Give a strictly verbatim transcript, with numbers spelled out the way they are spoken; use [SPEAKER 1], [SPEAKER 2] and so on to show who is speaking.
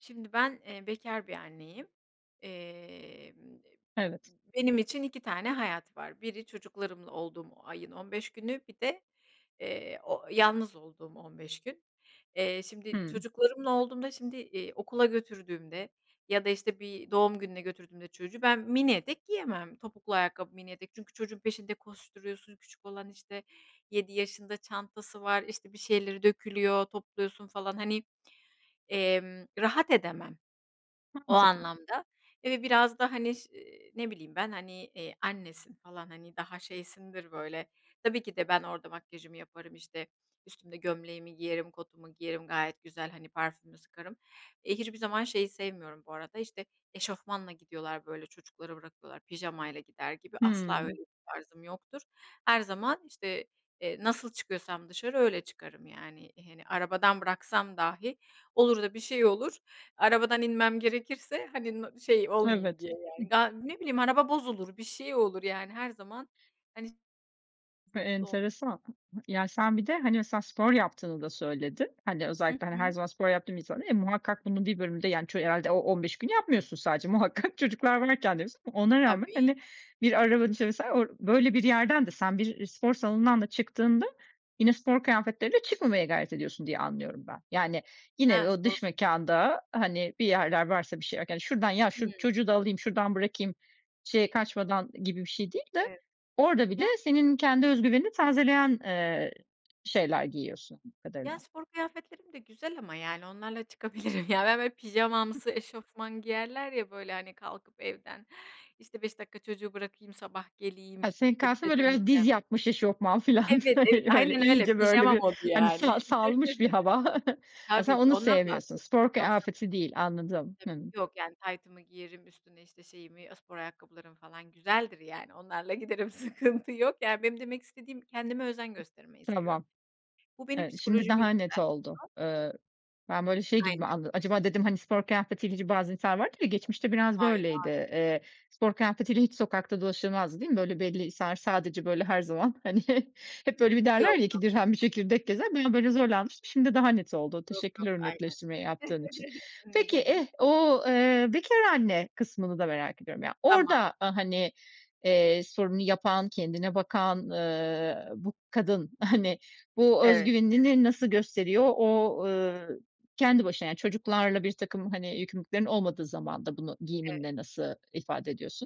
[SPEAKER 1] Şimdi ben, eee, bekâr bir anneyim, emm, eee,
[SPEAKER 2] Evet.
[SPEAKER 1] benim için iki tane hayat var: Biri çocuklarımla olduğum ayın on beş günü, bir de, ııı, o yalnız olduğum on beş gün. Eee, şimdi
[SPEAKER 2] Hıı.
[SPEAKER 1] çocuklarımla olduğumda, şimdi, iii, okula götürdüğümde ya da, işte, bir doğum gününe götürdüğümde çocuğu ben mini etek giyemem, topuklu ayakkabı, mini etek. Çünkü çocuğun peşinde koşturuyorsun, küçük olan, işte, yedi yaşında, çantası var, işte, bir şeyleri dökülüyor, topluyorsun falan, hani, emm, rahat edemem. O
[SPEAKER 2] Mantıklı.
[SPEAKER 1] anlamda, eee, ve biraz da, hani, ş ııı, ne bileyim ben, hani, eee, annesin falan, hani, daha şeysindir böyle. Tabii ki de ben orada makyajımı yaparım, işte, üstümde gömleğimi giyerim, kotumu giyerim, gayet güzel, hani parfümümü sıkarım. Eee, hiçbir zaman şeyi sevmiyorum bu arada, işte, eşofmanla gidiyorlar, böyle, çocukları bırakıyorlar pijamayla gider gibi. Asla
[SPEAKER 2] Hıı.
[SPEAKER 1] öyle bir tarzım yoktur. Her zaman, işte, eee, nasıl çıkıyorsam dışarı öyle çıkarım yani. Hani, arabadan bıraksam dahi, olur da bir şey olur, arabadan inmem gerekirse, hani, n şey olmayayım
[SPEAKER 2] Evet.
[SPEAKER 1] diye yani.
[SPEAKER 2] Hıh.
[SPEAKER 1] Ya, ne bileyim, araba bozulur, bir şey olur. Yani her zaman, hani,
[SPEAKER 2] E,
[SPEAKER 1] hazırlıklı olmak.
[SPEAKER 2] enteresan. [unintelligible] Ya, sen bir de, hani, mesela spor yaptığını da söyledin. Hani
[SPEAKER 1] Hı
[SPEAKER 2] özellikle, hani, her
[SPEAKER 1] hı.
[SPEAKER 2] zaman spor yaptığım insana muhakkak bunun bir bölümde, yani, ç herhâlde o on beş günü yapmıyorsun sadece. Muhakkak. çocuklar varken de yapıyorsun. Ona rağmen,
[SPEAKER 1] Tabii.
[SPEAKER 2] hani, bir araba [unintelligible] işte, mesela orada böyle bir yerden de sen bir spor salonundan da çıktığında yine spor kıyafetleriyle çıkmamaya gayret ediyorsun diye anlıyorum ben. Yani yine
[SPEAKER 1] He,
[SPEAKER 2] o
[SPEAKER 1] spor
[SPEAKER 2] dış mekânda, hani, bir yerler varsa bir şeyler, "Şuradan ya şu
[SPEAKER 1] Hıı.
[SPEAKER 2] çocuğu da alayım, şuradan bırakayım." şeye kaçmadan gibi bir şey değil de,
[SPEAKER 1] Evet.
[SPEAKER 2] orada bile
[SPEAKER 1] Yani
[SPEAKER 2] senin kendi özgüvenini tazeleyen, ııı, şeyler giyiyorsun, anladığım
[SPEAKER 1] Ya,
[SPEAKER 2] kadarıyla.
[SPEAKER 1] spor kıyafetlerim de güzel ama, yani, onlarla çıkabilirim. Ya, ben, böyle,
[SPEAKER 2] Hı.
[SPEAKER 1] pijamamsı eşofman giyerler ya böyle hani. Kalkıp evden, işte, "beş dakika çocuğu bırakayım sabah geleyim,
[SPEAKER 2] Ha, senin
[SPEAKER 1] evime
[SPEAKER 2] kastın, böyle, biraz
[SPEAKER 1] döneceğim."
[SPEAKER 2] diz yapmış eşofman filan.
[SPEAKER 1] Evet, evet,
[SPEAKER 2] Öyle
[SPEAKER 1] aynen öyle.
[SPEAKER 2] iyice, böyle,
[SPEAKER 1] Pijama
[SPEAKER 2] bir,
[SPEAKER 1] modu
[SPEAKER 2] hani,
[SPEAKER 1] yani.
[SPEAKER 2] sa salmış bir hava. Ha, sen
[SPEAKER 1] Tabii ki,
[SPEAKER 2] onu
[SPEAKER 1] ondan
[SPEAKER 2] sevmiyorsun.
[SPEAKER 1] bahsediyorum.
[SPEAKER 2] Spor
[SPEAKER 1] Yoksa
[SPEAKER 2] kıyafeti değil, anladım.
[SPEAKER 1] Tabii,
[SPEAKER 2] Hıı.
[SPEAKER 1] yok. Yani, taytımı giyerim üstüne, işte, şeyimi spor ayakkabılarım falan güzeldir, yani, onlarla giderim. Sıkıntı yok Yani, benim demek istediğim kendime özen göstermeyi seviyorum.
[SPEAKER 2] Tamam.
[SPEAKER 1] Bu benim
[SPEAKER 2] Evet, şimdi
[SPEAKER 1] psikolojimi
[SPEAKER 2] daha net
[SPEAKER 1] yükseltiyor.
[SPEAKER 2] oldu. Iıı, ben, böyle, şey gibi
[SPEAKER 1] Aynen.
[SPEAKER 2] anladım: Acaba dedim, hani, spor kıyafetiyle hiç Bazen insanlar vardır ya, geçmişte biraz
[SPEAKER 1] Hayır,
[SPEAKER 2] böyleydi.
[SPEAKER 1] hayır.
[SPEAKER 2] Eee, spor kıyafetiyle hiç sokakta dolaşılmazdı, değil mi? Böyle, belli insanlar sadece, böyle, her zaman, hani, he hep, böyle, bir derler
[SPEAKER 1] Yok,
[SPEAKER 2] ya, "iki
[SPEAKER 1] yok.
[SPEAKER 2] dirhem bir çekirdek" gezer. Bir an, böyle, zorlanmıştım, şimdi daha net oldu.
[SPEAKER 1] Yok, yok.
[SPEAKER 2] Teşekkürler o
[SPEAKER 1] Aynen.
[SPEAKER 2] netleştirmeyi yaptığın için.
[SPEAKER 1] Ne
[SPEAKER 2] Peki,
[SPEAKER 1] demek.
[SPEAKER 2] eh, o, eee, bekâr anne kısmını da merak ediyorum ya.
[SPEAKER 1] Tamam.
[SPEAKER 2] Orada, hani, eee, sporunu yapan, kendine bakan, ııı, bu kadın, hani, bu
[SPEAKER 1] Evet.
[SPEAKER 2] özgüvenini ne nasıl gösteriyor? O, ııı, kendi başına, yani, çocuklarla birtakım, hani, yükümlülüklerin olmadığı zamanda bunu
[SPEAKER 1] Evet.
[SPEAKER 2] giyiminde nasıl ifade ediyorsun?